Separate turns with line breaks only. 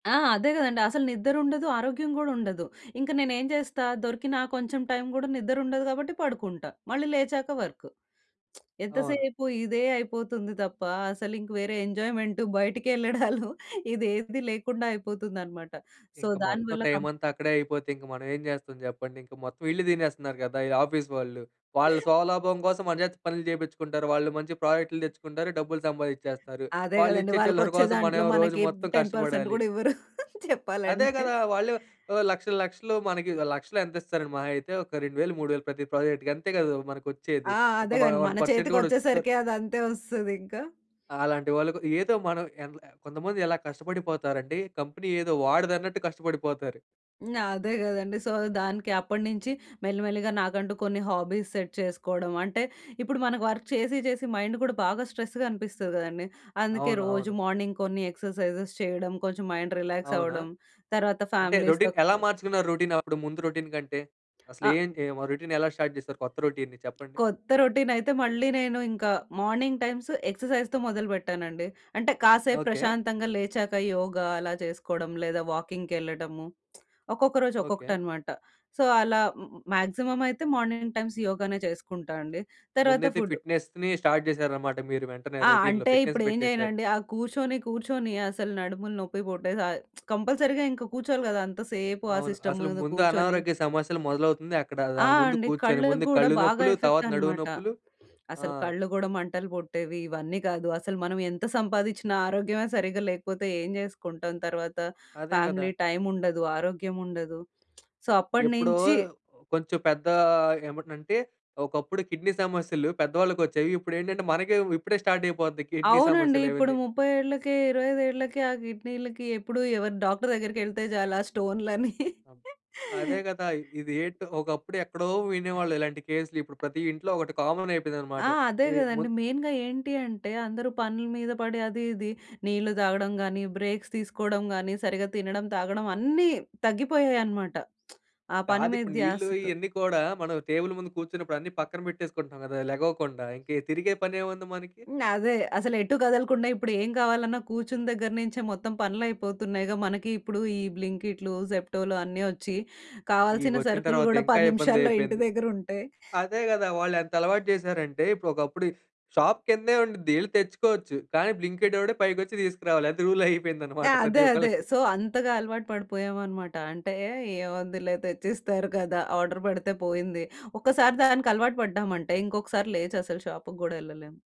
ఆ! అదే గదండీ! అసలు నిద్ర ఉండదు. ఆరోగ్యం గూడా ఉండదు. ఇంక నేనేం చేస్తా దొరికిన ఆ కొంచెం టైం గూడా నిద్ర ఉండదు కాబట్టి పడుకుంటా. మళ్ళీ లేచాక వర్క్. ఎంత
అవును.
సేపు ఇదే అయిపోతుంది తప్ప. అసలింక వేరే ఎంజాయ్‌మెంట్, బయటికెళ్ళడాలు, ఇదేది లేకుండా అయిపోతుందన్నమాట. సో
ఇంక మొత్తం
దానివల్ల కం
టైం అంతా అక్కడే అయిపోతే ఇంక మనం ఏం జేస్తాం చెప్పండి. ఇంక మొత్తం ఈళ్ళే తినేస్తన్నారు గదా! ఈ ఆఫీస్ వాళ్ళు. వాళ్ళ స్వలాభం కోసం మన చేత పనులు జేపిచ్చుకుంటారు. వాళ్ళు మంచి ప్రాజెక్టులు తెచ్చుకుంటారు. డబ్బులు సంపాదిచ్చేస్తారు.
అదే గదండీ!
వాళ్ళిచ్చే చిల్లర
వాళ్ళకొచ్చే
కోసం
దాంట్లో
మనవేమో రోజు
మనకి
మొత్తం
10%
కష్టపడాలి.
గూడా ఇవ్వరు
అదే
చెప్పాలంటే.
గదా! వాళ్ళు ఓ లక్షలు లక్షలు మనకి ఒక 1,00,000లో ఎంత ఇస్తారండి మహా అయితే ఒక 2000, 3000 ప్రతి ప్రాజెక్ట్‌కి. అంతే గదూ మనకొచ్చేది.
ఆ!
ఒక
అదే
వ
గాని
వన్
మన
పర్సెంట్ కూడా వొచ్చిద్ద
చేతికొచ్చేసరికి అదంతే వస్తదింక.
అలాంటి వాళ్ళకు ఏదో మనం ఎనలే కొంతమంది ఎలా కష్టపడిపోతారంటే కంపెనీ ఏదో వాడిదన్నట్టు కష్టపడిపోతారు.
హ్మ్. అదే గదండీ! సో దానికి అప్పడినుంచి మెల్లిమెల్లిగా నాకంటూ కొన్ని హాబీస్ సెట్ చేసుకోవడం. అంటే ఇప్పుడు మనకు వర్క్ చేసి చేసి, మైండు కూడా బాగా స్ట్రెస్‌గా అనిపిస్తది గదండీ! అందుకే
అవును.
రోజు
అవును.
మార్నింగ్ కొన్ని ఎక్సర్‌సైజెస్ చేయడం. కొంచెం మైండ్ రిలాక్స్
అవునా!
అవ్వడం. తర్వాత
అంటే
ఫ్యామిలీస్‌తో
రొటీన్ ఎలా
కలిసి
మార్చుకున్నారు రొటీన్ అప్పుడు ముందు రొటీన్ కంటే?
అ
అసలేం ఏం ఏం ఆ రొటీన్ ఎలా స్టార్ట్ జేశారు కొత్త రొటీన్‌ని చెప్పండి?
కొత్త రొటీన్ అయితే మళ్ళీ నేను ఇంకా మార్నింగ్ టైమ్స్ ఎక్సర్‌సైజ్‌తో మొదలు పెట్టానండి. అంటే కాసేపు
ఓకే.
ప్రశాంతంగా లేచాక యోగ అలా చేసుకోవడం, లేదా వాకింగ్‌కెళ్ళడము. ఒక్కొక్క రోజు
ఓకే.
ఒక్కొక్కటనమాట. సో అలా మ్యాక్సిమమ్ అయితే మార్నింగ్ టైమ్స్ యోగానే చేసుకుంటా అండి. తర్వాత
ముందైతే
ఫుడ్.
ఫిట్‌నెస్‌ని స్టార్ట్ జేశారన్నమాట మీరు వెంటనే
ఆ!
రొటీన్‌లో.
అంటే
ఫిట్‌నెస్
ఇప్పుడేం
పెట్టేశారు.
జేయనండి? ఆ కూర్చొని కూర్చొని అసలు నడుములు నొప్పి పుట్టేశాయి. కంపల్సరీ‌గా ఇంక కూర్చోవాలి గదా! అంతసేపు ఆ
అవును.
సిస్టమ్
అసలు
ముందు
ముందు
కూర్చొని
అనారోగ్య సమస్యలు మొదలవుతుందే అక్కడ.
ఆ!
దాని ముందు
అండి.
కూర్చొని
కళ్ళకి
ముందు
గూడా
కళ్ళు
బాగా
నొప్పులు,
ఎఫెక్ట్
తర్వాత నడుము
అనమాట.
నొప్పులు, ఆ!
అసలు కళ్ళు గూడా మంటలు పుట్టేవి. ఇవన్నీ గాదు అసలు మనం ఎంత సంపాదిచ్చినా ఆరోగ్యమే సరిగ్గా లేకపోతే ఏం జేసుకుంటాం తర్వాత?
అదే
ఫ్యామిలీ
గదా!
టైమ్ ఉండదు. ఆరోగ్యం ఉండదు. సో
ఎప్పుడో
అప్పడినించి
కొంచెం పెద్ద ఏమన్నంటే ఒకప్పుడు కిడ్నీ సమస్యలు పెద్దవాళ్ళకొచ్చేయి. ఇప్పుడేంటంటే మనకే వ్ ఇప్పుడే స్టార్ట్ అయిపోద్ది కిడ్నీ
అవునండి.
సమస్యలు
ఇప్పుడు
ఇవన్నీ.
30 ఏళ్ళకే, 25 ఏళ్లకే ఆ కిడ్నీలకి ఎప్పుడు ఎవర్ డాక్టర్ దగ్గరికెళ్తే చాలు ఆ స్టోనులని
అం అదే గదా! ఇది ఏంటో! ఒకప్పుడు ఎక్కడో వినేవాళ్ళు ఇలాంటి కేసులు. ఇప్పుడు ప్రతి ఇంట్లో ఒకటి కామన్ అయిపోయిందన్నమాట.
ఆ! అదే
ఇది ముం
గదండీ! మెయిన్‌గా ఏంటి అంటే అందరూ పనుల మీద పడి అది ఇది నీళ్ళు తాగడం గానీ, బ్రేక్స్ తీసుకోవడం గానీ, సరిగ్గా తినడం, తాగడం అన్నీ తగ్గిపోయాయనమాట. ఆ పని మీద
కాదిప్పుడు నీళ్ళు
ధ్యాసతో.
ఇయన్నీ కూడా మనం టేబుల్ ముందు కూర్చున్నప్పుడు అన్నీ పక్కన పెట్టేసుకుంటున్నాం గదా! లెగవకుండా. ఇంకీ తిరిగే పనేముంది మనకి.
హ్మ్. అదే. అసలెటూ కదలకుండా ఇప్పుడు ఏం కావాలన్నా కూర్చున్న దగ్గర నుంచే మొత్తం పనులయిపోతున్నాయిగా. మనకి ఇప్పుడు ఈ బ్లింకిటులు, జెప్టోలు అన్నీ వచ్చి కావాల్సిన
ఇవొచ్చిన
సరుకులు
తరువాత
గూడా
ఇంకా
10 నిమిషాల్లో ఇంటి
ఇబ్బందయిపోయింది.
దగ్గర ఉంటే
అదే గదా! వాళ్ళెంతలవాటు జేశారంటే ఇప్పుడు ఒకప్పుడు షాప్ కిందే ఉండిద్ధి. యెళ్లి తెచ్చుకోవచ్చు. కానీ బ్లింకి‌ట్ వోడే పైకొచ్చి తీసుకురావాలి. అది రూల్ అయిపోయిందన్నమాట
ఆ!
ప్రతి
అదే. అదే.
ఒకళ్ళకి.
సో అంతగా అలవాటు పడిపోయాం అనమాట. అంటే ఏముందిలే తెచ్చిస్తారు గదా! ఆర్డర్ పెడితే పోయింది. ఒక్కసారి దానికలవాటు పడ్డామంటే ఇంకొకసారి లేచసలు షాపుకి గూడా యెళ్ళలేము.